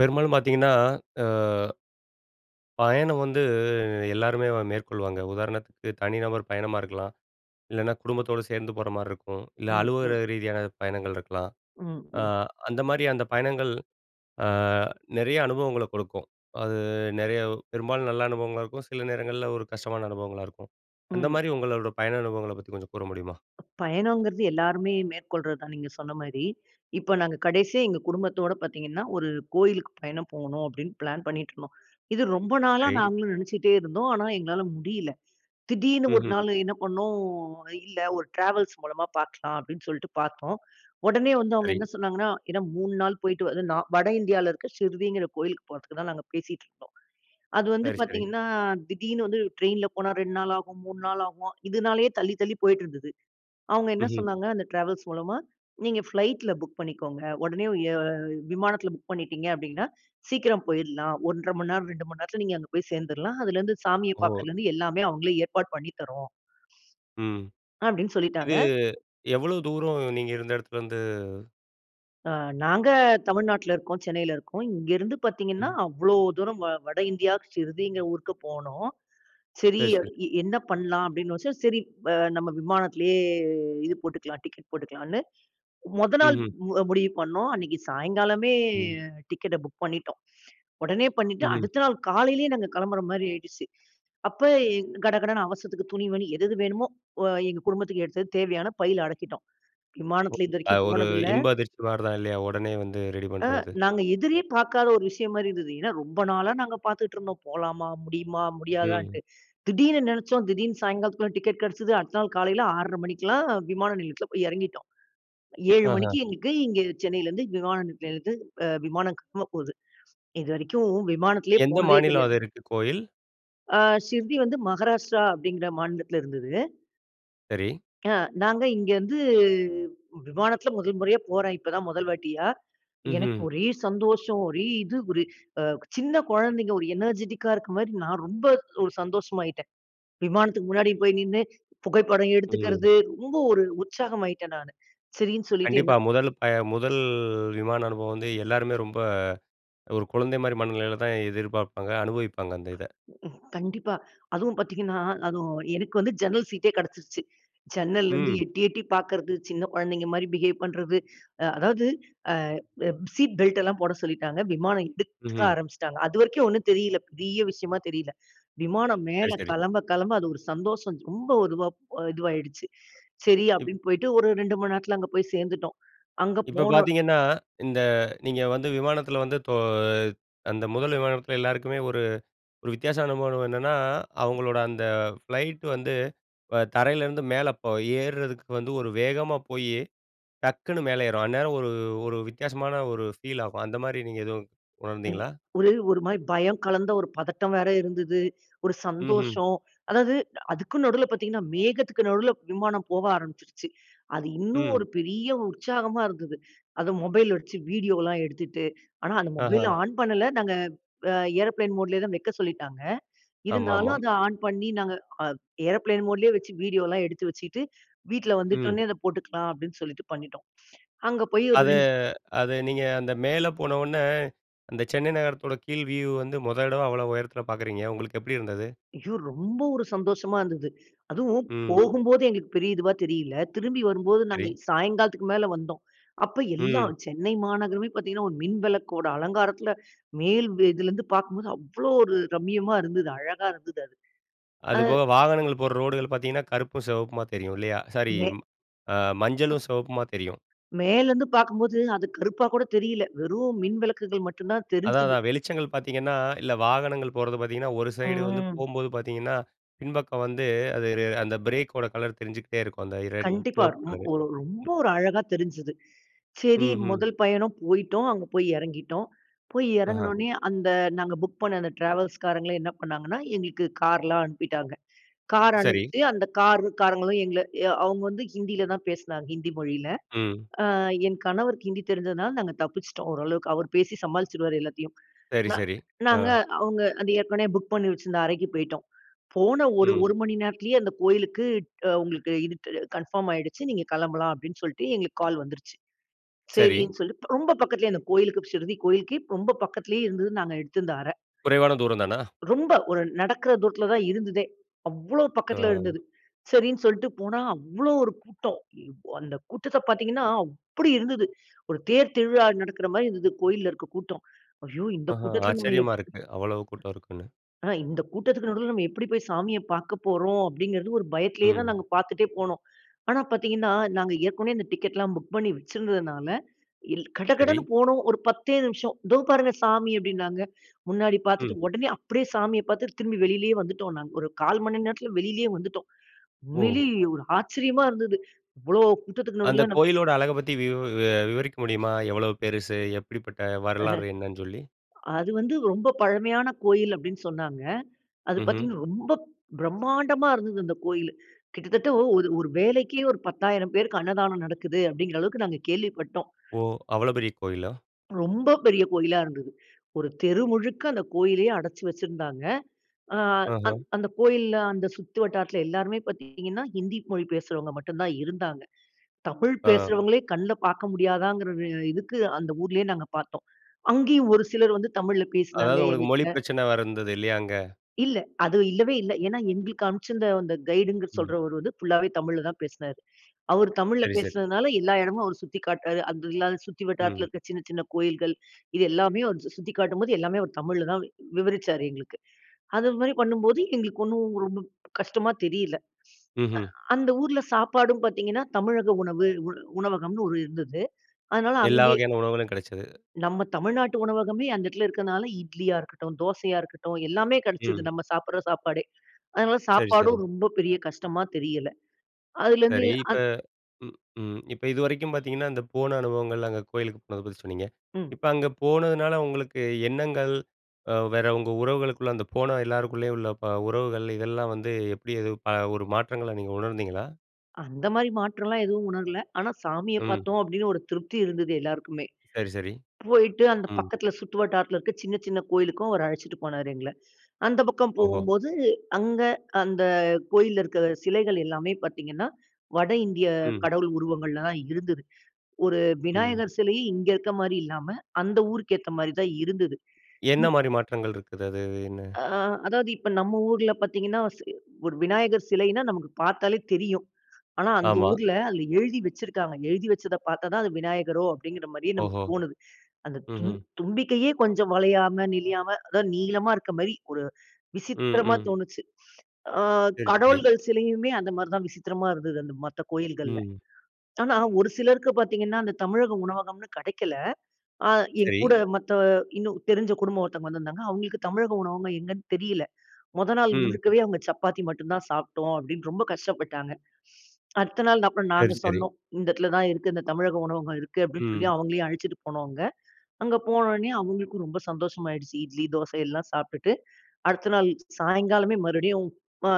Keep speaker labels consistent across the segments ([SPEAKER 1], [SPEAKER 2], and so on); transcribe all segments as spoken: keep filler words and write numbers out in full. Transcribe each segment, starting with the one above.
[SPEAKER 1] பெரும்பாலும் பார்த்தீங்கன்னா ஆ. பயணம் வந்து எல்லாருமே மேற்கொள்வாங்க. உதாரணத்துக்கு தனி நபர் பயணமா இருக்கலாம். இல்லைனா, குடும்பத்தோட சேர்ந்து போற மாரி இருக்கும். இல்ல
[SPEAKER 2] ம், ம்.
[SPEAKER 1] அழுவலக ரீதியான பயணங்கள் இருக்கலாம்.
[SPEAKER 2] ம்,
[SPEAKER 1] ஆ
[SPEAKER 2] ம்.
[SPEAKER 1] அந்த மாரி அந்த பயணங்கள் அ நெறைய அனுபவங்கள கொடுக்கும். அது நெறைய பெரும்பாலும் நல்ல அனுபவங்களா இருக்கும். சில நேரங்கள்ல ஒரு கஷ்டமான அனுபவங்களா இருக்கும். அந்த
[SPEAKER 2] ம்.
[SPEAKER 1] மாரி உங்களோட பயண அனுபவங்கள பத்தி கொஞ்சம் கூற முடியுமா?
[SPEAKER 2] பயணங்கிறது எல்லோருமே மேற்கொள்றது தான் நீங்க சொன்ன மாரி. இப்ப நாங்க கடைசியா எங்க குடும்பத்தோட பார்த்தீங்கன்னா, ஒரு கோயிலுக்கு பயணம் போணும் அப்படீன்னு பிளான் பண்ணிட்டு இருந்தோம். இது ரொம்ப நாளா
[SPEAKER 1] சரி.
[SPEAKER 2] நாங்களும் நெனச்சிட்டே இருந்தோம். ஆனா, எங்களால முடியல. திடீர்னு ஒரு
[SPEAKER 1] ம்ஹும்.
[SPEAKER 2] நாள் என்ன பண்ணோம்? இல்ல, ஒரு டிராவல்ஸ் மூலமா பார்க்கலாம் அப்படின்னு சொல்ட்டு பார்த்தோம். உடனே வந்து அவங்க
[SPEAKER 1] சரி.
[SPEAKER 2] என்ன சொன்னாங்கன்னா, ஏனா மூணு நாள் போயிட்டு வந்து நான் வட இந்தியாவில இருக்கிற சிர்டிங்கிற கோயிலுக்கு போறதுக்கு தான் நாங்க பேசிட்டு இருந்தோம். அது வந்து
[SPEAKER 1] சரி, சரி.
[SPEAKER 2] பார்த்தீங்கன்னா, திடீர்னு வந்து ட்ரெயின்ல போனா ரெண்டு நாள் ஆகும், மூணு நாள் ஆகும். இதுனாலேயே தள்ளி தள்ளி போயிட்டு இருந்தது. அவுங்க என்ன
[SPEAKER 1] ம்ஹும்.
[SPEAKER 2] சொன்னாங்க? அந்த ட்ராவல்ஸ் மூலமா நீங்க ஃப்ளைட்ல புக் பண்ணிக்கோங்க, உடனே ஏ விமானத்தில புக் பண்ணிட்டீங்க அப்படின்னா, சீக்கிரம் போயிறலாம் ஒன்ற மணி நேரம் ரெண்டு மணி நேரத்தில நீங்க அங்க போய் சேர்ந்துறலாம். அதுலேருந்து சாமிய
[SPEAKER 1] ஓ!
[SPEAKER 2] பார்க்கிறதுலருந்து எல்லாமே அவங்களே ஏற்பாடு பண்ணி தர்றோம்.
[SPEAKER 1] ம்.
[SPEAKER 2] அப்படினு சொல்லிட்டாங்க.
[SPEAKER 1] இது எவ்வளோ தூரம் நீங்க இருந்த இடத்துல இருந்து?
[SPEAKER 2] அ நாங்க தமிழ்நாட்டில இருக்கோம், சென்னையில இருக்கோம். இங்கேருந்து பார்த்தீங்கன்னா
[SPEAKER 1] ம்.
[SPEAKER 2] அவ்வளோ தூரம் வ வட இந்தியாக்கு ஷ்ரிடிங்கிற ஊருக்கு போனோம். சரி
[SPEAKER 1] சரி, சரி.
[SPEAKER 2] எ என்ன பண்ணலாம் அப்படின்னு யோசிச்சேன், சரி வ நம்ம விமானத்திலேயே இது போட்டுக்கலாம் டிக்கெட் போட்டுக்கலாம்ன்னு, மொத நாள்
[SPEAKER 1] ம்ஹ்ம்.
[SPEAKER 2] முடிவு பண்ணோம், அன்னைக்கு சாயங்காலமே
[SPEAKER 1] ம்.
[SPEAKER 2] டிக்கெட்ட புக் பண்ணிட்டோம். உடனே பண்ணிட்டு,
[SPEAKER 1] ம்ஹ்ம்.
[SPEAKER 2] அடுத்த நாள் காலையிலேயே நாங்க கிளம்புற மாதிரி ஆயிடுச்சு. அப்ப எங் கடகடன்னு அவசரத்துக்கு துணிமணி எது எது வேணுமோ, வ எங்க குடும்பத்துக்கு எடுத்தது தேவையான பைல அடக்கிட்டோம்.
[SPEAKER 1] ஒ.
[SPEAKER 2] விமானத்தில
[SPEAKER 1] அது
[SPEAKER 2] இதுவரைக்கும்
[SPEAKER 1] ஒரு
[SPEAKER 2] போனதில்ல.
[SPEAKER 1] இன்ப அதிர்ச்சி மாரி தான் இல்லையா? உடனே வந்து ரெடி
[SPEAKER 2] அ.
[SPEAKER 1] பண்ணுறது.
[SPEAKER 2] நாங்க எதிரே பார்க்காத ஒரு விஷயம் மாதிரி இருந்தது. ஏன்னா ரொம்ப நாளா நாங்க பார்த்துட்டு இருந்தோம். போலாமா? முடியுமா?
[SPEAKER 1] ம்.
[SPEAKER 2] முடியாதான்னுட்டு. திடீர்னு நினைச்சோம், திடீர்னு சாயங்காலத்துக்குள்ள டிக்கெட் கிடைச்சது. அடுத்த நாள் காலையில் ஆறரை மணிக்கெல்லாம் விமான நிலையத்தில போய் இறங்கிட்டோம். ஏழு மணிக்கு
[SPEAKER 1] ஆஹ.
[SPEAKER 2] எங்களுக்கு இங்க சென்னையிலிருந்து விமான நிலையத்திலிருந்து அ விமானம் கிளம்ப போகுது. இதுவரைக்கும் விமானத்திலேயே
[SPEAKER 1] எந்த
[SPEAKER 2] போனதே
[SPEAKER 1] மாநிலம்
[SPEAKER 2] கிடையாது.
[SPEAKER 1] அதுருக்கு கோயில்?
[SPEAKER 2] அ ஷிர்டி வந்து மகாராஷ்டிரா அப்படிங்கிற மாநிலத்தில இருந்தது.
[SPEAKER 1] சரி.
[SPEAKER 2] அ. நாங்க இங்கே இருந்து விமானத்தில முதல் முறையா போறேன். இப்போதான் முதல் வாட்டியா. எனக்கு
[SPEAKER 1] ம்ஹ்ம்.
[SPEAKER 2] ஒரே சந்தோஷம். ஒரே இது ஒரு சின்ன அ குழந்தைங்க ஒரு எனர்ஜிடிக்கா இருக்கிற மாரி நான் ரொம்ப, ஒரு சந்தோஷமாயிட்டேன். விமானத்துக்கு முன்னாடி போய் நின்னு புகைப்படம்
[SPEAKER 1] ம்.
[SPEAKER 2] எடுத்துக்கிறது, ரொம்ப ஒரு உற்சாகமாயிட்டேன் நானு. சரின்னு சொல்லிட்டு
[SPEAKER 1] கண்டிப்பா.
[SPEAKER 2] என்ன
[SPEAKER 1] முதல் பய முதல் விமான அனுபவம் வந்து எல்லாருமே ரொம்ப ஒரு குழந்தை மாரி மனநிலையில தான் எதிர்பார்ப்பாங்க, அனுபவிப்பாங்க அந்த இத.
[SPEAKER 2] ம்ஹ் கண்டிப்பா. அதுவும் பார்த்தீங்கனா அதுவும் எனக்கு வந்து ஜன்னல் சீட்டே கிடைச்சுடுச்சு. ஜன்னல்லெருந்து
[SPEAKER 1] ம்.
[SPEAKER 2] எட்டி எட்டி பார்க்கிறது, சின்ன குழந்தைங்க மாரி பிஹேவ் பண்றது. அ அதாவது அ ப சீட் பெல்ட் எல்லாம் போட சொல்லிட்டாங்க. விமானம் எடுக்க
[SPEAKER 1] ம்ஹ்ம்.
[SPEAKER 2] ஆரம்பிச்சுட்டாங்க. அது வரைக்கும் ஒன்னும் தெரியல்ல. பெரிய விஷயமா தெரியல்ல. விமானம்
[SPEAKER 1] சரி,
[SPEAKER 2] மேல
[SPEAKER 1] சரி.
[SPEAKER 2] கிளம்ப கிளம்ப அது ஒரு சந்தோஷம் ரொம்ப இதுவா அ இதுவாயிடுச்சு. சரி
[SPEAKER 1] இப்
[SPEAKER 2] அப்படின்னு போய்ட்டு ஒரு ரெண்டு மணி நேரத்துல அங்கு போய் சேர்ந்துட்டோம். அங்கு
[SPEAKER 1] இப்ப
[SPEAKER 2] போனோ
[SPEAKER 1] பார்த்தீங்கன்னா, இந்த நீங்க வந்து விமானத்தில வந்து தோ அந்த முதல் விமானத்தில எல்லாருக்குமே ஒரு ஒரு வித்தியாசமான அனுபவம் என்னன்னா, அவங்களோட அந்த ஃப்ளைட் வந்து வ தரையிலேருந்து மேல போ ஏறுதுக்கு வந்து ஒரு வேகமா போய் டக்குனு மேல ஏறும். அந்நேரம் ஒரு ஒரு வித்தியாசமான ஒரு ஃபீல் ஆகும். அந்தமாரி நீங்க எதுவும் உணர்ந்தீங்களா?
[SPEAKER 2] [unintelligible] ஒரு ஒரு மாரி பயம் கலந்த ஒரு பதட்டம் வேற இருந்தது. ஒரு
[SPEAKER 1] ம்ஹ்ம்.
[SPEAKER 2] சந்தோஷம். அதாவது அதுக்கும் நடுவுல பார்த்தீங்கன்னா, மேகத்துக்கு நடுவுல விமானம் போக ஆரம்பிச்சுருச்சு. அது இன்னும்
[SPEAKER 1] ம்.
[SPEAKER 2] ஒரு பெரிய உற்சாகமா இருந்தது. அத மொபைல் வச்சு வீடியோலாம் எடுத்துட்டு, ஆனா அந்த மொபைல்
[SPEAKER 1] ஆஹா.
[SPEAKER 2] ஆன் பண்ணல. நாங்க அ ஏரோப்ளேன் மோட்லேயே தான் வைக்க சொல்லிட்டாங்க.
[SPEAKER 1] ஆமாமா.
[SPEAKER 2] இருந்தாலும் அத ஆன் பண்ணி நாங்க அ ப் ஏரோப்ளேன் மோட்லேயே வச்சு வீடியோலாம் எடுத்து வச்சிட்டு, வீட்டில் வந்துட்ட
[SPEAKER 1] ம்.
[SPEAKER 2] உடனே அத போட்டுக்கலாம் அப்படின்னு சொல்லிட்டு பண்ணிட்டோம். அங்கே போய் ஒரு
[SPEAKER 1] அத,
[SPEAKER 2] ரெண்டு,
[SPEAKER 1] அது நீங்க அந்த மேலே போன உடனே, அந்த சென்னை நகரத்தோட கீழ் வியூ வந்து முத தடவ அவ்வளோ உயரத்தில பார்க்குறீங்க. உங்களுக்கு எப்படி இருந்தது?
[SPEAKER 2] ஐயோ! ரொம்ப ஒரு சந்தோஷமா இருந்தது. அதுவும்
[SPEAKER 1] ம்.
[SPEAKER 2] போகும்போதே எங்களுக்கு பெரிய இதுவா தெரியில்ல. திரும்பி வரும்போது நாங்க
[SPEAKER 1] சரி.
[SPEAKER 2] சாயங்காலத்திற்கு மேல வந்தோம். அப்ப
[SPEAKER 1] ம்.
[SPEAKER 2] எல்லாம் சென்னை மாநகரமே பார்த்தீங்கனா, ஒரு மின் விளக்கோட அலங்காரத்தில, மேல் வ இதில இருந்து பார்க்கும்போது அவ்வளவு ஒரு ரம்யமா இருந்தது. அழகா இருந்தது அது. அஹ்.
[SPEAKER 1] அதுபோக வாகனங்கள் போற ரோடுகள் பார்த்தீங்கன்னா கருப்பும், சிவப்புமா தெரியும் இல்லையா? சாரி
[SPEAKER 2] மே
[SPEAKER 1] ம் அ மஞ்சளும், சிவப்புமா தெரியும்.
[SPEAKER 2] மேலந்து பார்க்கும்போது, அது கருப்பா கூட தெரியல. வெறும் மின் விளக்குகள் மட்டும் தான்
[SPEAKER 1] அதான்,
[SPEAKER 2] தெரிஞ்சிது.
[SPEAKER 1] அதான். வெளிச்சங்கள் பார்த்தீங்கன்னா, இல்ல வாகனங்கள் போறது பார்த்தீங்கன்னா ஒரு சைடு வந்து
[SPEAKER 2] ம்.
[SPEAKER 1] போகும்போது பார்த்தீங்கன்னா, பின்பக்கம் வந்து அது அந்த பிரேக்கோட கலர் தெரிஞ்சுகிட்டே இருக்கும். அந்த ரெட்
[SPEAKER 2] கண்டிப்பா.
[SPEAKER 1] சிவப்பு
[SPEAKER 2] ரொம்
[SPEAKER 1] கலரு.
[SPEAKER 2] ஒரு ரொம்ப ஒரு அழகா தெரிஞ்சுது. சரி
[SPEAKER 1] ம் ஹ்ம்.
[SPEAKER 2] முதல் பயணம் போயிட்டோம், அங்கே போய் இறங்கிட்டோம். போய்
[SPEAKER 1] அஹ.
[SPEAKER 2] இறங்குனொனே, அந்த நாங்க புக் பண்ண அந்த ட்ராவல்ஸ்காரங்கள என்ன பண்ணாங்கன்னா, எங்களுக்கு கார்லாம் அனுப்பிட்டாங்க. கார்
[SPEAKER 1] சரி.
[SPEAKER 2] அனுப்பி அந்த கார் காரங்களும் எங்கள எ அவங்க வந்து ஹிந்தியில தான் பேசினாங்க. ஹிந்தி மொழியில.
[SPEAKER 1] ம்.
[SPEAKER 2] ஆ என் கணவருக்கு ஹிந்தி தெரிஞ்சதுனால நாங்க தப்பிச்சிட்டோம், ஓரளவுக்கு அவர் பேசி சமாளிச்சிடுவாரு எல்லாத்தையும்.
[SPEAKER 1] சரி,
[SPEAKER 2] ந
[SPEAKER 1] சரி. ஆ.
[SPEAKER 2] நாங்க அவங்க அது ஏற்கனவே புக் பண்ணி வெச்சிருந்த அறைக்கு போய்ட்டோம். போன ஒரு
[SPEAKER 1] ம்.
[SPEAKER 2] ஒரு மணி நேரத்திலேயே அந்த கோவிலுக்கு அ உங்களுக்கு இது அ கன்ஃபர்ம் ஆயிடுச்சு, நீங்க கிளம்பலாம் அப்படினு சொல்லிட்டு எங்களுக்கு கால் வந்துருச்சு.
[SPEAKER 1] சரி.
[SPEAKER 2] சரினு சொல்லி ப ரொம்ப பக்கத்திலேயே அந்த கோவிலுக்கு ஷிர்டி கோவிலுக்கு ரொம்ப பக்கத்திலேயே இருந்தது நாங்க எடுத்திருந்த அற.
[SPEAKER 1] குறைவான தூரம் தானா?
[SPEAKER 2] ரொம்ப ஒரு நடக்கிற தூரத்தில தான் இருந்ததே. அவ்வளவு பக்கத்தில இருந்தது.
[SPEAKER 1] ஆ.
[SPEAKER 2] சரினு சொல்லிட்டு போனா அவ்வளவு ஒரு கூட்டம். இப் அந்த கூட்டத்த பார்த்தீங்கனா அப்படி இருந்தது. ஒரு தேர் திருவிழா நடக்குற மாரி இருந்தது, கோயில்ல இருக்க கூட்டம். ஐய்யோ இந்த
[SPEAKER 1] ஆஹா.
[SPEAKER 2] கூட்டத்தில நம்ம
[SPEAKER 1] ஆச்சரியமா
[SPEAKER 2] எப்
[SPEAKER 1] இருக்கு, அவ்வளவு கூட்டம் இருக்குன்னு.
[SPEAKER 2] ஆ இந்த கூட்டத்திற்கு நடுவில நம்ம எப்படி போய் சாமிய பார்க்க போறோம், அப்டிங்கிறது ஒரு பயத்திலேயே தான்
[SPEAKER 1] ம்.
[SPEAKER 2] நாங்க பார்த்துட்டே போனோம். ஆனா பார்த்தீங்கனா, நாங்க ஏற்கனவே இந்த டிக்கெட் எல்லாம் புக் பண்ணி வச்சுருந்ததனால இல்
[SPEAKER 1] சரி.
[SPEAKER 2] கடகடனு போனோம். ஒரு பத்தே நிமிஷம். தோ பாருங்க சாமி அப்படின்னாங்க. முன்னாடி பார்த்துட்டு
[SPEAKER 1] ம்.
[SPEAKER 2] உடனே அப்படியே சாமிய பார்த்து திரும்பி வெளியிலேயே வந்துட்டோம் நாங்க. ஒரு கால் மணி நேரத்தில வெளியிலேயே வந்துட்டோம்.
[SPEAKER 1] ஓ!
[SPEAKER 2] உண்மையிலேயே ஒரு ஆச்சரியமா இருந்தது. இவ்வளவு கூட்டத்திற்கு
[SPEAKER 1] அந்த
[SPEAKER 2] நடுவில நம்
[SPEAKER 1] கோயிலோட அழக பத்தி விவ விவரிக்க முடியுமா, எவ்வளோ பெருசு எப்படிப்பட்ட வரலாறு என்னன்னு சொல்லி?
[SPEAKER 2] அது வந்து ரொம்ப பழமையான கோவில் அப்படினு சொன்னாங்க. அது
[SPEAKER 1] ம்ஹ்ம்.
[SPEAKER 2] பார்த்தீங்கனா, ரொம்ப பிரமாண்டமா இருந்தது அந்த கோயில். கிட்டத்தட்ட ஒரு ஒரு வேலைக்கே ஒரு பத்தாயிரம் பேருக்கு அன்னதானம் நடக்குது அப்படிங்குற அளவுக்கு நாங்க கேள்விப்பட்டோம்.
[SPEAKER 1] ஓ! அவ்வளவு பெரிய கோயிலா?
[SPEAKER 2] ரொம்ப பெரிய கோயிலா இருந்தது. ஒரு தெரு முழுக்க அந்த கோயிலையே அடைச்சு வச்சிருந்தாங்க. அ அந்
[SPEAKER 1] ஆஹ.
[SPEAKER 2] அந்த கோயில்ல, அந்த சுத்து வட்டாரத்தில எல்லாருமே பார்த்தீங்கன்னா, ஹிந்தி மொழி பேசுறவுங்க மட்டும் தான் இருந்தாங்க. தமிழ்
[SPEAKER 1] ஆ.
[SPEAKER 2] பேசுறவங்களே கண்ல பார்க்க முடியாதாங்கிற இ இதுக்கு அந்த ஊரிலயே நாங்க பார்த்தோம். அங்கயும் ஒரு சிலர் வந்து தமிழ்ல பேசினாங்க,
[SPEAKER 1] அதாவது உங்களுக்கு மொழி
[SPEAKER 2] எங்ககிட்ட.
[SPEAKER 1] பிரச்சனை வேற இருந்தது. இல்லையா, அங்க?
[SPEAKER 2] இல்ல. அது இல்லவே இல்ல. ஏன்னா, எங்களுக்கு அனுப்பிச்சிருந்த அந்த கைடுங்க
[SPEAKER 1] ம்.
[SPEAKER 2] சொல்றவர் வந்து ஃபுல்லாவே தமிழ்ல தான் பேசினாரு. அவரு தமிழ்ல
[SPEAKER 1] சரி, சரி.
[SPEAKER 2] பேசினதுனால எல்லா இடமும் அவர் சுத்தி காட்டுறார். அது இல்லாத சுத்தி வட்டாரத்தில
[SPEAKER 1] ம்.
[SPEAKER 2] இருக்க சின்ன சின்ன கோயில்கள், இது எல்லாமே அவர் சு சுத்தி காட்டும்போது, எல்லாமே அவர் தமிழ்ல தான் வி விவரிச்சார் எங்களுக்கு. அது மாதிரி பண்ணும்போது எங்களுக்கு ஒன்னும் ரொம்ப கஷ்டமா தெரியல.
[SPEAKER 1] ம்ஹம்.
[SPEAKER 2] அ அந்த ஊர்ல சாப்பாடும் பார்த்தீங்கன்னா, தமிழக உணவு உ உணவகம்னு ஒரு இருந்தது. அதனால
[SPEAKER 1] எல்லா
[SPEAKER 2] அங்கயே
[SPEAKER 1] வகையான உணவுகளும் கிடைச்சது.
[SPEAKER 2] நம்ம தமிழ்நாட்டு உணவகமே அந்த இடத்தில இருக்கனால இட்லியா இருக்கட்டும், தோசையா இருக்கட்டும் எல்லாமே கிடைச்சது,
[SPEAKER 1] ம்.
[SPEAKER 2] நம்ம சாப்பிடுற சாப்பாடே. அதனால
[SPEAKER 1] சரி, சரி
[SPEAKER 2] சாப்பாடும் ரொம்ப பெரிய கஷ்டமா தெரியல. அதிலிருந்து
[SPEAKER 1] சரி இப்ப
[SPEAKER 2] அந்
[SPEAKER 1] ம், ம். இப்போ இதுவரைக்கும் பார்த்திங்கன்னா, அந்த போன அனுபவங்கள், அங்க கோயிலுக்கு போனத பத்தி சொன்னீங்க.
[SPEAKER 2] ம்.
[SPEAKER 1] இப்போ அங்க போனதுனால உங்களுக்கு எண்ணங்கள், அ வேற உங்க உறவுகளுக்குள்ளே அந்த போன எல்லாருக்குள்ளேயும் உள்ள ப உறவுகள் இதெல்லாம் வந்து எப்படி எது ப ஒரு மாற்றங்கள நீங்க உணர்ந்தீங்களா?
[SPEAKER 2] அந்த மாதிரி மாற்றம்லாம் எதுவும் உணரல. ஆனா சாமிய
[SPEAKER 1] ம்.
[SPEAKER 2] பார்த்தோம் அப்படின்னு ஒரு திருப்தி இருந்தது எல்லாருக்குமே.
[SPEAKER 1] சரி, சரி.
[SPEAKER 2] போயிட்டு அந்த
[SPEAKER 1] ம்.
[SPEAKER 2] பக்கத்தில சுற்றுவட்டாரத்தில இருக்கிற சின்ன சின்ன கோயிலுக்கும் அவர் அழைச்சிட்டு போனாரு எங்கள. அந்த பக்கம்
[SPEAKER 1] ஓஹோ!
[SPEAKER 2] போகும்போது அங்க அந்த கோயில்ல இருக்கிற சிலைகள் எல்லாமே பார்த்திங்கன்னா, வட இந்திய
[SPEAKER 1] ம்.
[SPEAKER 2] கடவுள் உருவங்கள்ல தான் இருந்தது. ஒரு
[SPEAKER 1] ம்.
[SPEAKER 2] விநாயகர் சிலைய இங்க இருக்கிற மாதிரி இல்லாம, அந்த ஊருக்கு ஏத்த மாதிரி தான் இருந்தது.
[SPEAKER 1] என்ன
[SPEAKER 2] ம்.
[SPEAKER 1] மாரி மாற்றங்கள் இருக்குது? அது என்ன.
[SPEAKER 2] ஆ, அதாவது இப்போ நம்ம ஊர்ல பார்த்திங்கன்னா, ச ஒரு விநாயகர் சிலைனா நமக்கு பார்த்தாலே தெரியும். ஆனா அந்த
[SPEAKER 1] ஆமா.
[SPEAKER 2] ஊர்ல அதில எழுதி வச்சிருக்காங்க. எழுதி வச்சத பார்த்தா தான் அது விநாயகரோ அப்படிங்கிற மாதிரியே நமக்கு
[SPEAKER 1] ஓஹோ!
[SPEAKER 2] தோணுது. அந்த தும்
[SPEAKER 1] ம்ஹ்ம்.
[SPEAKER 2] தும்பிக்கையே கொஞ்சம் வளையாம நெழியாம அதாவது நீளமா, இருக்கிற மாதிரி ஒரு
[SPEAKER 1] ம்,
[SPEAKER 2] விசித்திரமா
[SPEAKER 1] ம்.
[SPEAKER 2] தோணுச்சு. அ
[SPEAKER 1] சரி, சரி.
[SPEAKER 2] கடவுள்கள் சிலையுமே அந்த மாதிரி தான் விசித்திரமா இருந்தது, அந்த மத்த கோயில்கள்ல.
[SPEAKER 1] ம்.
[SPEAKER 2] ஆனா ஒரு சிலருக்கு பார்த்தீங்கன்னா, அந்த தமிழக உணவகம்னு கிடைக்கல. அ என்
[SPEAKER 1] சரி.
[SPEAKER 2] கூட மத்த இன்னும் தெரிஞ்ச குடும்பம் ஒருத்தவங்க வந்துருந்தாங்க. அவங்களுக்கு தமிழக உணவகம் எங்கேன்னு தெரியல. முதல் நாள்
[SPEAKER 1] ம்.
[SPEAKER 2] முழுக்கவே "அவங்க சப்பாத்தி மட்டும் தான் சாப்பிட்டோம்." அப்படின்னு ரொம்ப கஷ்டப்பட்டாங்க. அடுத்த நாள், அப்புறம்
[SPEAKER 1] சரி,
[SPEAKER 2] நாங்க
[SPEAKER 1] சரி.
[SPEAKER 2] சொன்னோம் "இந்த இடத்துல தான் இருக்கு, இந்த தமிழக உணவகம் இருக்கு" அப்படின்னு சொல்லி
[SPEAKER 1] ம்.
[SPEAKER 2] அவங்களையும் அழைச்சிட்டு போனோங்க. அங்கே போன உடனே அவங்களுக்கும் ரொம்ப சந்தோஷமாயிடுச்சு. இட்லி தோச எல்லாம் சாப்ட்டுட்டு, அடுத்த நாள் சாயங்காலமே மறுபடியும் அ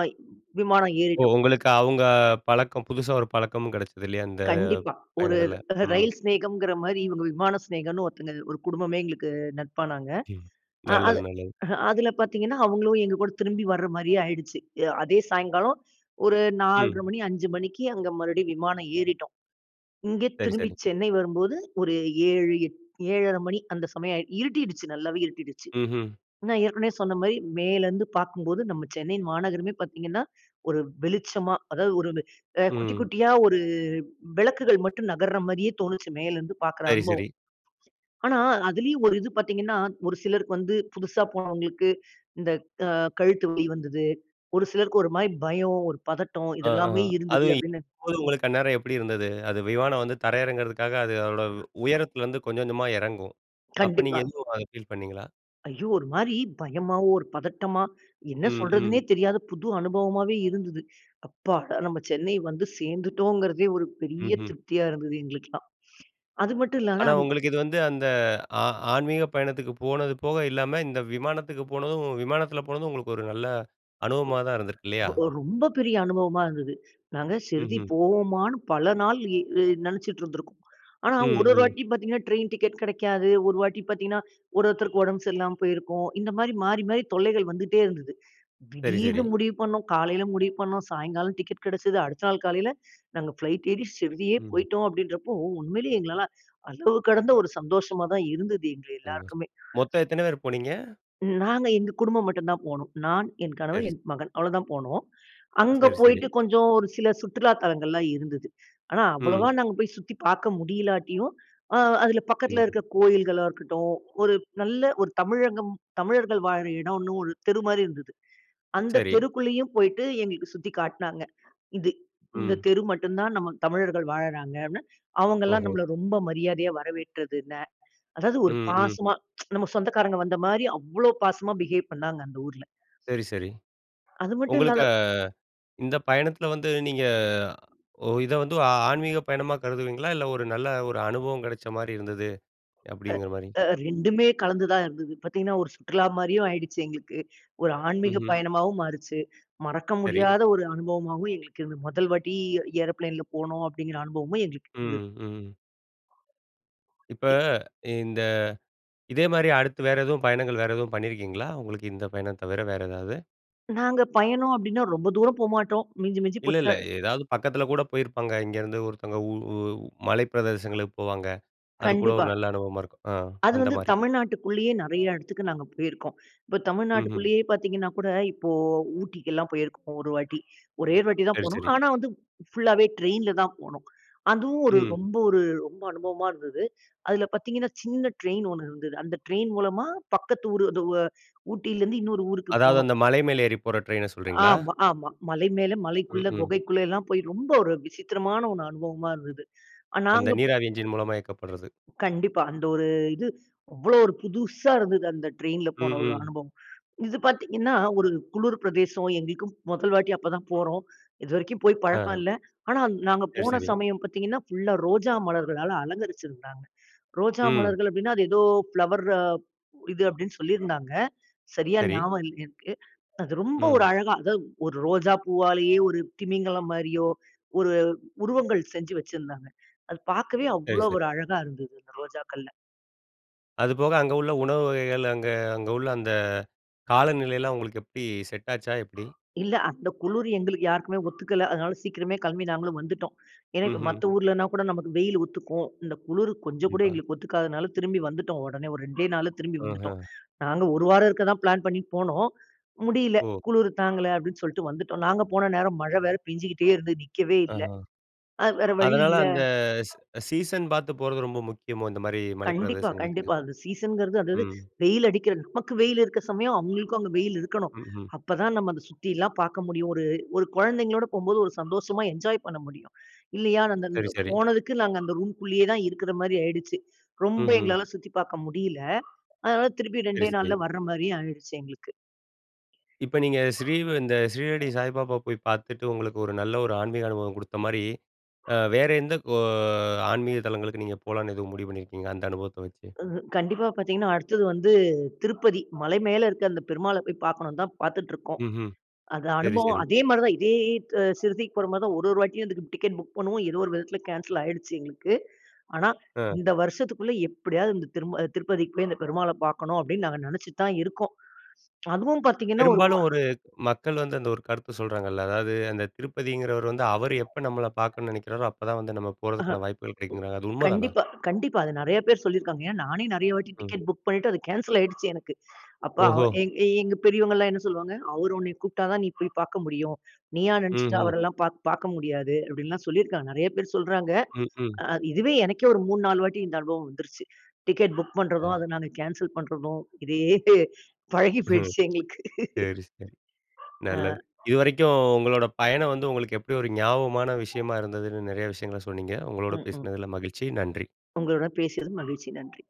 [SPEAKER 2] விமானம்
[SPEAKER 1] ஓ!
[SPEAKER 2] ஏறிட்டோம்.
[SPEAKER 1] உங்களுக்கு அவங்க பழக்கம் புதுசா ஒரு பழக்கமும் கிடைச்சது இல்லையா? அந்த
[SPEAKER 2] கண்டிப்பா, ஒரு
[SPEAKER 1] பயணத்தில. ம்.
[SPEAKER 2] ரயில் சிநேகம்கிற மாதிரி இவங்க விமான சிநேகம்னு ஒருத்தங்க, ஒரு குடும்பமே எங்களுக்கு நட்பானாங்க.
[SPEAKER 1] ம்.
[SPEAKER 2] அ
[SPEAKER 1] நல்லது,
[SPEAKER 2] அது
[SPEAKER 1] நல்லது.
[SPEAKER 2] அதில பார்த்தீங்கன்னா, அவங்களும் எங்க கூட திரும்பி வர மாதிரியே ஆயிடுச்சு. அதே சாயங்காலம் ஒரு நால்ர
[SPEAKER 1] ம்.
[SPEAKER 2] மணி அஞ்சு மணிக்கு அங்கே மறுபடியும் விமானம் ஏறிட்டோம். இங்க
[SPEAKER 1] சரி,
[SPEAKER 2] திரும்பி
[SPEAKER 1] சரி.
[SPEAKER 2] சென்னை வரும்போது ஒரு ஏழு, ஏழர மணி அந்த சமயம் இருட்டிடுச்சு நல்லாவே இருட்டிடுச்சு.
[SPEAKER 1] ம்ஹூம்.
[SPEAKER 2] நான் ஏற்கனவே சொன்ன மாரி மேலே இருந்து பார்க்கும்போது நம்ம சென்னை மாநகரமே பார்த்தீங்கன்னா ஒரு வெளிச்சமா, அதாவது ஒரு குட்டி,
[SPEAKER 1] ம்.
[SPEAKER 2] குட்டியா ஒரு விளக்குகள் மட்டும் நகர்ற மாரியே தோணுச்சு, மேலே இருந்து பார்க்கிற
[SPEAKER 1] சரி,
[SPEAKER 2] அனுபவம்.
[SPEAKER 1] சரி.
[SPEAKER 2] ஆனா அதிலயும் ஒரு இது பார்த்தீங்கன்னா, ஒரு சிலருக்கு வந்து புதுசா போனவங்களுக்கு இந்த அ கழுத்து வலி வந்தது. ஒரு சிலருக்கு ஒரு மாதிரி பயம், ஒரு பதட்டம் இது
[SPEAKER 1] ஆ, ஆ.
[SPEAKER 2] எல்லாமே இருந்தது
[SPEAKER 1] அதுவும்
[SPEAKER 2] அப்படின்னு.
[SPEAKER 1] இப்பொழுது உங்களுக்கு அந்நேரம் எப்படி இருந்தது? அது விமானம் வந்து தரை இறங்குறதுக்காக அது அதோட உயரத்துலருந்து கொஞ்சம் கொஞ்சமா இறங்கும். அப்ப நீங்க
[SPEAKER 2] கண்டிப்பா.
[SPEAKER 1] எதுவும் அத ஃபீல் பண்ணீங்களா?
[SPEAKER 2] ஐயோ! ஒரு மாரி பயமாவோ, ஒரு பதட்டமா என்ன
[SPEAKER 1] ம்,
[SPEAKER 2] சொல்றதுன்னே
[SPEAKER 1] ம்.
[SPEAKER 2] தெரியாத புது அனுபவமாவே இருந்தது. அப்பாடா! நாம சென்னை வந்து சேர்ந்துட்டோம்ங்கிறதே ஒரு பெரிய
[SPEAKER 1] ம்ஹ்ம்.
[SPEAKER 2] திருப்தியா இருந்தது. எங்களுக்கு எல்லாம். அது மட்டும் இல்லாம
[SPEAKER 1] ஆனா உங்களுக்கு இது வந்து அந்த ஆ ஆன்மீக பயணத்துக்கு போனது போக இல்லாம, இந்த விமானத்துக்கு போனதும் விமானத்தில போனதும் உங்களுக்கு ஒரு நல்ல அனுபவமா தான் இருந்திருக்கு. இல்லையா?
[SPEAKER 2] ரொ ரொம்ப பெரிய அனுபவமா இருந்தது. நாங்க ஷீரடி
[SPEAKER 1] ம்ஹ்ம்.
[SPEAKER 2] போவோமான்னு பல நாள் நினைச்சிட்டு இருந்துருக்கோம். ஆனா ஒரு
[SPEAKER 1] ம்,
[SPEAKER 2] ஒரு
[SPEAKER 1] ம்.
[SPEAKER 2] வாட்டி பார்த்திங்கன்னா, ட்ரெயின் டிக்கெட் கிடைக்காது. ஒரு வாட்டி பார்த்திங்கன்னா, ஒரு ஒருத்தருக்கு உடம்பு சரியில்லாம போயிருக்கும். இந்த மாதிரி மாறி மாறி தொல்லைகள் வந்துகிட்டே இருந்தது.
[SPEAKER 1] சரி, சரி.
[SPEAKER 2] திடீர்னு முடிவு பண்ணோம். காலையில் முடிவு பண்ணோம். சாயங்காலம் டிக்கெட் கிடைச்சது. அடுத்த நாள் காலையல் நாங்க ஃப்ளைட் ஏறி ஷீரடியே
[SPEAKER 1] ம்.
[SPEAKER 2] போயிட்டோம் அப்படின்றப்போ உண்மையிலேயே எங்களால அளவு கடந்த ஒரு சந்தோஷமா தான் இருந்தது எங்க
[SPEAKER 1] [unintelligible]
[SPEAKER 2] எல்லாருக்குமே.
[SPEAKER 1] மொத்தம் எத்தன பேர் போனீங்க?
[SPEAKER 2] நாங்க எங்க குடும்பம் மட்டும் தான் போனோம். நான், என் கணவன்,
[SPEAKER 1] சரி.
[SPEAKER 2] என் மகன் அவ்வளோதான் போனோம். அங்க
[SPEAKER 1] சரி, சரி.
[SPEAKER 2] போயிட்டு கொஞ்சம் ஒரு சில சுற்றுலா தலங்கள்லாம் இருந்தது. ஆனா அவ்வளோவா
[SPEAKER 1] ம்.
[SPEAKER 2] நாங்க போய் சுத்தி பார்க்க முடியலாட்டியும், அதில பக்கத்தில
[SPEAKER 1] ம்.
[SPEAKER 2] இருக்கிற கோயில்களா இருக்கட்டும். ஒரு நல்ல ஒரு தமிழகம் தமிழர்கள் வாழ்கிற இடம்னு ஒரு தெரு மாதிரி இருந்தது. அந்த
[SPEAKER 1] சரி.
[SPEAKER 2] தெருக்குள்ளேயும் போய்ட்டு எங்களுக்கு சுற்றி காட்டினாங்க. இது இந்த
[SPEAKER 1] ம்.
[SPEAKER 2] தெரு மட்டும் தான் நம் தமிழர்கள் வாழ்றாங்க அப்படின்னு. அவங்க எல்லாம்
[SPEAKER 1] ஓஹோ!
[SPEAKER 2] நம்மை ரொம்ப மரியாதையா வரவேற்றது இல்லை. அதாவது ஒரு
[SPEAKER 1] ம், ம்.
[SPEAKER 2] பாசமா நம்ம சொந்தக்காரங்க வந்த மாதிரி அவ்வளவு பாசமா பிஹேவ் பண்ணாங்க அந்த ஊர்ல.
[SPEAKER 1] சரி, சரி.
[SPEAKER 2] அது மட்டும் இல்லாம
[SPEAKER 1] உங்களுக்கு, இந்த பயணத்தில வந்து நீங்க ஒ இத வந்து ஆ ஆன்மீகப் பயணமா கருதுவீங்களா? இல்ல ஒரு நல்ல ஒரு அனுபவம் கிடைச்ச மாதிரி இருந்தது
[SPEAKER 2] அ
[SPEAKER 1] அப்படிங்கிற மாரி.
[SPEAKER 2] அ ரெண்டுமே கலந்து தான் இருந்தது. பார்த்தீங்கன்னா ஒரு சுற்றுலா மாதிரியும் ஆயிடுச்சு எங்களுக்கு. ஒரு ஆன்மீக
[SPEAKER 1] ம்ஹ்ம்.
[SPEAKER 2] பயணமாவும் மாறுச்சு. மறக்க
[SPEAKER 1] சரி.
[SPEAKER 2] முடியாத ஒரு அனுபவமாவும் எங்களுக்கு இருந்தது. முதல் வாட்டி ஏரோப்ளேன்ல போனோம் அப்படிங்கிற அனுபவமும் எங்களுக்கு இருந்தது.
[SPEAKER 1] ம், ம். இப்ப இந்த இதே மாரி அடுத்து வேறு எதுவும் பயணங்கள் வேறு எதுவும் பண்ணியிருக்கீங்களா? உங்களுக்கு இந்த பயணம் தவிர வேறு எதாவது?
[SPEAKER 2] நாங்க பயணம் அப்படீன்னா ரொம்ப தூரம் போமாட்டோம். மிஞ்சி மிஞ்சி
[SPEAKER 1] இல்ல,
[SPEAKER 2] போச்ச
[SPEAKER 1] இல்ல. ஏதாவது பக்கத்தில கூட போயிருப்பாங்க இங்கேருந்து ஒருத்தவங்க உ உ மலை பிரதேசங்களுக்கு போவாங்க. அதுக்கூட
[SPEAKER 2] கண்டிப்பா.
[SPEAKER 1] ஒரு நல்ல அனுபவமா இருக்கும். அ
[SPEAKER 2] அது
[SPEAKER 1] அந்த
[SPEAKER 2] வந்து
[SPEAKER 1] மாரி.
[SPEAKER 2] தமிழ்நாட்டுக்குள்ளேயே நெறைய எடத்துக்கு நாங்க போயிருக்கோம். இப்ப
[SPEAKER 1] ம். ம்.
[SPEAKER 2] தமிழ்நாட்டுக்குள்ளேயே பார்த்தீங்கன்னா கூட, இப்போ ஊட்டிக்கெல்லாம் போயிருக்கோம் ஒரு வாட்டி. ஒரே ஒரு வாட்டி தான்
[SPEAKER 1] சரி,
[SPEAKER 2] போனோம்.
[SPEAKER 1] சரி.
[SPEAKER 2] ஆனா வந்து ஃபுல்லாவே ட்ரெயின்ல தான் போனோம். அதுவும் ஒரு
[SPEAKER 1] ம்.
[SPEAKER 2] ரொம்ப ஒரு ரொம்ப அனுபவமா இருந்தது. அதுல பார்த்தீங்கன்னா, சின்ன ட்ரெயின் ஒண்ணு இருந்தது. அந்த ட்ரெயின் மூலமா பக்கத்து ஊரு அது வ ஊட்டியிலேருந்து இன்னொரு ஊருக்கு
[SPEAKER 1] அதாவது
[SPEAKER 2] போனோம்.
[SPEAKER 1] அந்த மலை மேல ஏறி போற ட்ரெயின சொல்றீங்களா?
[SPEAKER 2] ஆமா, ஆமா. மலை மேல,
[SPEAKER 1] ம்.
[SPEAKER 2] மலைக்குள்ள,
[SPEAKER 1] ம்.
[SPEAKER 2] குகைக்குள்ளல்லாம் போய் ரொம்ப ஒரு விசித்திரமான ஒண்ணு அனுபவமா இருந்தது. அ நாங்க
[SPEAKER 1] அந்த
[SPEAKER 2] அப்போ
[SPEAKER 1] நீராவி என்ஜின் மூலமா இயக்கப்படறது.
[SPEAKER 2] கண்டிப்பா. அந்த ஒரு இது, அவ்வளோ ஒரு புதுசா இருந்தது அந்த ட்ரெயின்ல
[SPEAKER 1] ம்.
[SPEAKER 2] போன ஒரு
[SPEAKER 1] ம்.
[SPEAKER 2] அனுபவம். இது பார்த்தீங்கன்னா, ஒரு குளுர் பிரதேசம், எங்களுக்கும் மொதல் வாட்டி அப்ப தான் போறோம். இது வரைக்கும் போய்
[SPEAKER 1] அ.
[SPEAKER 2] பழக்கம் இல்ல. ஆனா நாங்க
[SPEAKER 1] சரி,
[SPEAKER 2] போன
[SPEAKER 1] சரி.
[SPEAKER 2] சமயம் பார்த்தீங்கன்னா, ஃபுல்லா ரோஜா மலர்களால அலங்கரிச்சு இருந்தாங்க. ரோஜா
[SPEAKER 1] ம்.
[SPEAKER 2] மலர்கள் அப்படீன்னா, அது ஏதோ ஃபிளவர் இது அப்படீன்னு சொல்லியிருந்தாங்க. சரியா
[SPEAKER 1] சரி.
[SPEAKER 2] ஞாபகம் இல்ல எனக்கு. அது ரொம்ப ஒரு
[SPEAKER 1] ம்.
[SPEAKER 2] அழகா அதாவது ஒரு ரோஜா பூவாலேயே ஒரு திமிங்கலம் மாரியோ, ஒரு உருவங்கள் செஞ்சு வச்சுருந்தாங்க. அது பார்க்கவே
[SPEAKER 1] சரி,
[SPEAKER 2] அவ்வளோ
[SPEAKER 1] சர்.
[SPEAKER 2] ஒரு அழகா இருந்தது, அந்த ரோஜாக்கள்ல.
[SPEAKER 1] அதுபோக அங்க உள்ள உணவு வகைகள், அங்க அங்க உள்ள அந்த காலநிலையல்லாம் உங்களுக்கு எப்படி செட் ஆச்சா? எப்படி?
[SPEAKER 2] இல்ல அந்த குளுரு எங்களுக்கு யாருக்குமே ஒத்துக்கல. அதனால சீக்கிரமே கெளம்பி நாங்களும் வந்துட்டோம். ஏன்னா, இப்ப
[SPEAKER 1] ம்ஹ்ம்.
[SPEAKER 2] மத்த ஊர்லனா கூட நமக்கு வெயிலு ஒத்துக்கும். இந்த குளுரு கொஞ்சம் கூட
[SPEAKER 1] ணிப்பா.
[SPEAKER 2] எங்களுக்கு ஒத்துக்காததுனால திரும்பி வந்துட்டோம் ஒடனே. ஒரு ரெண்டே நாள்ல திரும்பி வந்துட்டோம்.
[SPEAKER 1] அஹ.
[SPEAKER 2] நாங்க ஒரு வாரம் இருக்க தான் பிளான் பண்ணி போனோம். "முடியல,
[SPEAKER 1] ஓ!
[SPEAKER 2] குளுரு தாங்கல." அப்படீன்னு சொல்ட்டு வந்துட்டோம். நாங்க போன நேரம் மழை வேற பெஞ்சுகிட்டே இருந்துது. நிக்கவே இல்ல.
[SPEAKER 1] ஆஹா.
[SPEAKER 2] அது வேற வழி
[SPEAKER 1] அதனால
[SPEAKER 2] இல்ல
[SPEAKER 1] அந்த ஸ் சீசன் பார்த்து போறது ரொம்ப முக்கியமோ? இந்த மாரி மலை
[SPEAKER 2] கண்டிப்பா,
[SPEAKER 1] பிரதேசங்களுக்கு.
[SPEAKER 2] கண்டிப்பா. அந்த சீசன்ங்கிறது அதாவது
[SPEAKER 1] ம்.
[SPEAKER 2] வெயில் அடிக்கிற நமக்கு வெயில் இருக்க சமயம், அவங்களுக்கும் அங்க வெயில் இருக்கணும்.
[SPEAKER 1] ம்ஹ்ம்.
[SPEAKER 2] அப்பதான் நம்ம அத சுத்தில்லாம் பார்க்க முடியும். ஒரு ஒரு குழந்தைங்களோட போகும்போது ஒரு சந்தோஷமா என்ஜாய் பண்ண முடியும். இல்லையா நான் அந்த
[SPEAKER 1] சரி,
[SPEAKER 2] அங்க
[SPEAKER 1] சரி.
[SPEAKER 2] போனதுக்கு, நாங்க அந்த ரூம்குள்ளேயே தான் இருக்குற மாரி ஆயிடுச்சு. ரொம்ப
[SPEAKER 1] ம்ஹ்ம்.
[SPEAKER 2] எங்களால சுத்தி பார்க்க முடியல. அதனால திருப்பி
[SPEAKER 1] சரி,
[SPEAKER 2] ரெண்டே
[SPEAKER 1] சரி.
[SPEAKER 2] நாள்ல வர்ற மாரியே ஆயிருச்சு எங்களுக்கு.
[SPEAKER 1] இப்ப நீங்க ஸ்ரீவ் இந்த ஸ்ரீரடி சாய்பாபா போய் பார்த்துட்டு, உங்களுக்கு ஒரு நல்ல ஒரு ஆன்மீக அனுபவம் குடுத்த மாரி, அ வேற எந்த கோ ஆன்மீக தலங்களுக்கு நீங்க போலாம்ன்னு எதுவும் முடிவு பண்ணிருக்கீங்க? அந்த அனுபவத்த வச்சு.
[SPEAKER 2] உஹ்ம். கண்டிப்பா பார்த்தீங்கன்னா, அடுத்தது வந்து திருப்பதி. மலை மேல இருக்க அந்த பெருமாள போய் பார்க்கணும்ன்னு தான் பார்த்துட்டுருக்கோம்.
[SPEAKER 1] ம்ஹ்ம்.
[SPEAKER 2] அத
[SPEAKER 1] சரி,
[SPEAKER 2] அனுபவம்
[SPEAKER 1] சரி.
[SPEAKER 2] அதே மாரி தான் இதே ட் சிறுதிக்கு போற மாரி தான் ஒரு ஒரு வாட்டியும் அதுக்கு டிக்கெட் புக் பண்ணுவோம். ஏதோ ஒரு விதத்தில கேன்சல் ஆயிடுச்சு எங்களுக்கு. ஆனா
[SPEAKER 1] அ.
[SPEAKER 2] "இந்த வருஷத்துக்குள்ள எப்படியாவது இந்த திரும்ப திருப்பதிக்கு போய் அந்த பெருமாளை பார்க்கணும்." அப்படீன்னு நாங்க நெனச்சுட்டு தான் இருக்கோம். அதுவும் பார்த்தீங்கன்னா, ஒரு வ
[SPEAKER 1] பெரும்பாலும் ஒரு மக்கள் வந்து அந்த ஒரு கருத்த சொல்றாங்கல்ல. அதாவது அந்த திருப்பதிங்கிறவர் வந்து, "அவர் எப்ப நம்மள பார்க்கணும்ன்னு நெனைக்கிறாரோ, அப்பதான் வந்து நம்ம
[SPEAKER 2] அஹ. ம்.
[SPEAKER 1] போறதுக்கான வாய்ப்புகள் கிடைக்குங்கிறாங்க." அது உண்ம தானா?
[SPEAKER 2] கண்டிப்பா, கண்டிப்பா. அத நெறைய பேர் சொல்லியிருக்காங்க. ஏன் நானே நெறைய வாட்டி
[SPEAKER 1] ம்.
[SPEAKER 2] டிக்கெட் புக் பண்ணீட்டு, அது கேன்சல் ஆயிடுச்சு எனக்கு. அப்ப அவ்
[SPEAKER 1] ஓஹோ!
[SPEAKER 2] எ எ எங்க பெரியவங்கல்லாம் என்ன சொல்லுவாங்க? "அவரு உன்னய கூப்பிட்டா தான் நீ போய் பார்க்க முடியும். நீயா
[SPEAKER 1] ம்.
[SPEAKER 2] நெனச்சுட்டு
[SPEAKER 1] ஹ்ம்.
[SPEAKER 2] அவரல்லாம் பார்க் பார்க்க முடியாது." அப்படீன்னுல்லாம் சொல்லியிருக்காங்க. நெறைய பேர் சொல்றாங்க.
[SPEAKER 1] ம். ம்.
[SPEAKER 2] அ இதுவே எனக்கே ஒரு மூணு நாலு வாட்டி இந்த அனுபவம் வந்துருச்சு. டிக்கெட் புக் பண்றதும்,
[SPEAKER 1] அ.
[SPEAKER 2] அதை நாங்க கேன்சல் பண்றதும். இதே பழகி
[SPEAKER 1] ஹ்ம்.
[SPEAKER 2] போய்டுச்சு எங்களுக்கு.
[SPEAKER 1] சரி, சரி.
[SPEAKER 2] அ.
[SPEAKER 1] நல்லது. இதுவரைக்கும் உங்களோட பயணம் வந்து உங்களுக்கு எப்படி ஒரு ஞாபகமான விஷயமா இருந்ததுன்னு, நெறைய விஷயங்கள சொன்னீங்க. உங்களோட
[SPEAKER 2] ம். ம்.
[SPEAKER 1] பேசுனதில மகிழ்ச்சி. நன்றி!
[SPEAKER 2] உங்களோட பேசியது மகிழ்ச்சி. நன்றி.